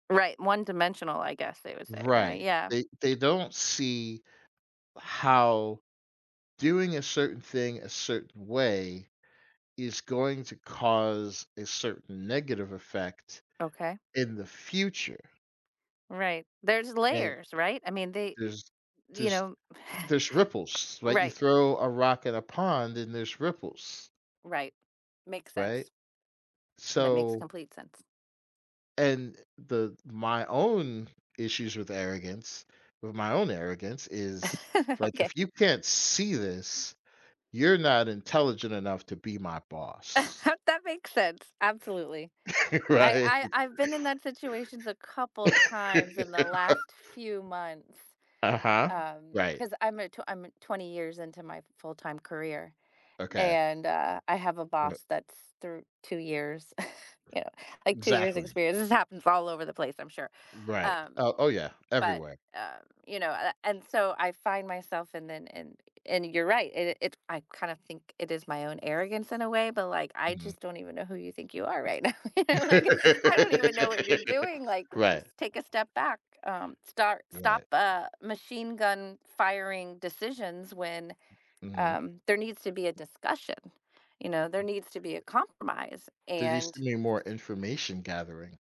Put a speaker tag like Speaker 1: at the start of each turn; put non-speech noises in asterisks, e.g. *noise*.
Speaker 1: Right, "one-dimensional," I guess they would say, right,
Speaker 2: Right,
Speaker 1: yeah.
Speaker 2: they they don't see how doing a certain thing a certain way is going to cause a certain negative effect
Speaker 1: Okay.
Speaker 2: in the future
Speaker 1: Right, there's
Speaker 2: and
Speaker 1: layers, right, I mean, they,
Speaker 2: There's
Speaker 1: you
Speaker 2: there's
Speaker 1: know *chuckles*
Speaker 2: there's ripples, like you
Speaker 1: Right.
Speaker 2: throw a rock in a pond and there's ripples.
Speaker 1: Right, makes
Speaker 2: Right,
Speaker 1: sense. That makes
Speaker 2: so
Speaker 1: complete sense.
Speaker 2: and, uh, the my own issues with arrogance with my own arrogance is,
Speaker 1: *laughs*
Speaker 2: like,
Speaker 1: Okay.
Speaker 2: if you can't see this, you're not intelligent enough to be my boss.
Speaker 1: *chuckles* That makes sense, absolutely.
Speaker 2: *laughs*
Speaker 1: I
Speaker 2: Right.
Speaker 1: I I've been in that situations a couple
Speaker 2: *laughs*
Speaker 1: times in the last few months,
Speaker 2: Uh-huh,
Speaker 1: um,
Speaker 2: right.
Speaker 1: 'cause I'm a tw I'm 20 years into my full time career
Speaker 2: Okay.
Speaker 1: and, uh, I have a
Speaker 2: R
Speaker 1: boss that's through 2 years, *chuckles* yeah, like 2 years
Speaker 2: Exactly.
Speaker 1: experience. This happens all over the place, I'm sure,
Speaker 2: Right,
Speaker 1: um
Speaker 2: oh oh yeah,
Speaker 1: but,
Speaker 2: everywhere.
Speaker 1: um, you know, and I and, so, I find myself and then, and and you're right, it it it I kind of think it is my own arrogance in a way, but like, I
Speaker 2: Mhm.
Speaker 1: just don't even know who you think you are right now, you know, like, I don't even know what you're doing,
Speaker 2: *laughs*
Speaker 1: like, s
Speaker 2: Right.
Speaker 1: take a step back, um, start stop
Speaker 2: Right.
Speaker 1: a machine gun firing decisions when,
Speaker 2: Mhm.
Speaker 1: um, there needs to be a discussion, you know, there needs to be a compromise
Speaker 2: Did you
Speaker 1: and
Speaker 2: send me more information gathering.